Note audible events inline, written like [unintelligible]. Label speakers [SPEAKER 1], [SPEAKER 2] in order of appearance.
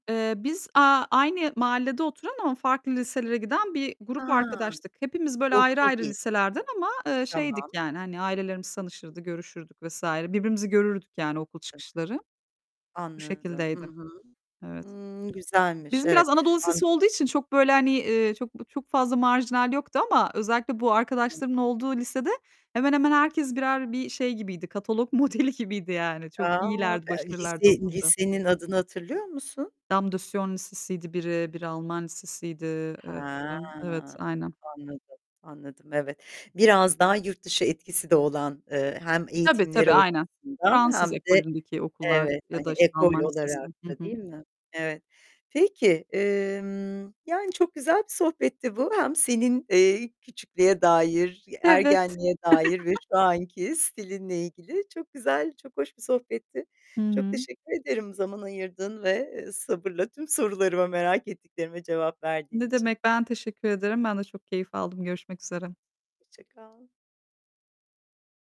[SPEAKER 1] Eee, biz, aaa, aynı mahallede oturan ama farklı liselere giden bir grup
[SPEAKER 2] Ha,
[SPEAKER 1] arkadaştık. Hepimiz, böyle, ayrı
[SPEAKER 2] okul
[SPEAKER 1] ayrı
[SPEAKER 2] değil.
[SPEAKER 1] liselerden, ama, eee, şeydik,
[SPEAKER 2] Tamam.
[SPEAKER 1] yani, hani, ailelerimiz
[SPEAKER 2] [unintelligible]
[SPEAKER 1] tanışırdı, görüşürdük vs. Birbirimizi görürdük, yani, okul çıkışları. Bu
[SPEAKER 2] Anladım. Hı
[SPEAKER 1] şekildeydi.
[SPEAKER 2] hı.
[SPEAKER 1] Evet.
[SPEAKER 2] Hıı, güzelmiş,
[SPEAKER 1] Bizim biraz
[SPEAKER 2] evet.
[SPEAKER 1] Anadolu lisesi
[SPEAKER 2] An
[SPEAKER 1] olduğu için çok, böyle, hani, çok çok fazla marjinal yoktu ama özellikle bu
[SPEAKER 2] Hı hı.
[SPEAKER 1] arkadaşlarımın olduğu lisede, hemen hemen herkes, birer, bir şey gibiydi, katalog modeli gibiydi yani.
[SPEAKER 2] Eee,
[SPEAKER 1] Çok
[SPEAKER 2] aaa,
[SPEAKER 1] iyilerdi,
[SPEAKER 2] eee,
[SPEAKER 1] başarılılardı o
[SPEAKER 2] lise
[SPEAKER 1] konuda.
[SPEAKER 2] lisenin adını hatırlıyor musun?
[SPEAKER 1] Dame de Sion lisesiydi biri, biri Alman lisesiydi, eee,
[SPEAKER 2] Ha,
[SPEAKER 1] sanırım, evet, aynen.
[SPEAKER 2] anladım, anladım, evet. Biraz daha yurt dışı etkisi de olan, eee, hem
[SPEAKER 1] Tabii,
[SPEAKER 2] eğitimleri
[SPEAKER 1] tabii aynen.
[SPEAKER 2] açısından,
[SPEAKER 1] Fransız
[SPEAKER 2] hem de,
[SPEAKER 1] ekolündeki okullar
[SPEAKER 2] evet,
[SPEAKER 1] ya
[SPEAKER 2] hani,
[SPEAKER 1] da, işte,
[SPEAKER 2] ekol
[SPEAKER 1] Alman Lisesi.
[SPEAKER 2] olarak
[SPEAKER 1] Hı
[SPEAKER 2] da
[SPEAKER 1] hı.
[SPEAKER 2] değil mi? Evet. Peki, emm, yani, çok güzel bir sohbetti bu, hem senin, eee, küçüklüğe dair,
[SPEAKER 1] Evet.
[SPEAKER 2] ergenliğe dair ve
[SPEAKER 1] [chuckles]
[SPEAKER 2] şu anki stilinle ilgili çok güzel, çok hoş bir sohbetti.
[SPEAKER 1] Hı
[SPEAKER 2] Çok
[SPEAKER 1] hı.
[SPEAKER 2] teşekkür ederim zaman ayırdığın ve sabırla tüm sorularıma, merak ettiklerime cevap verdiğin
[SPEAKER 1] Ne
[SPEAKER 2] için.
[SPEAKER 1] demek, ben teşekkür ederim. Ben de çok keyif aldım. Görüşmek üzere.
[SPEAKER 2] Hoşça kal.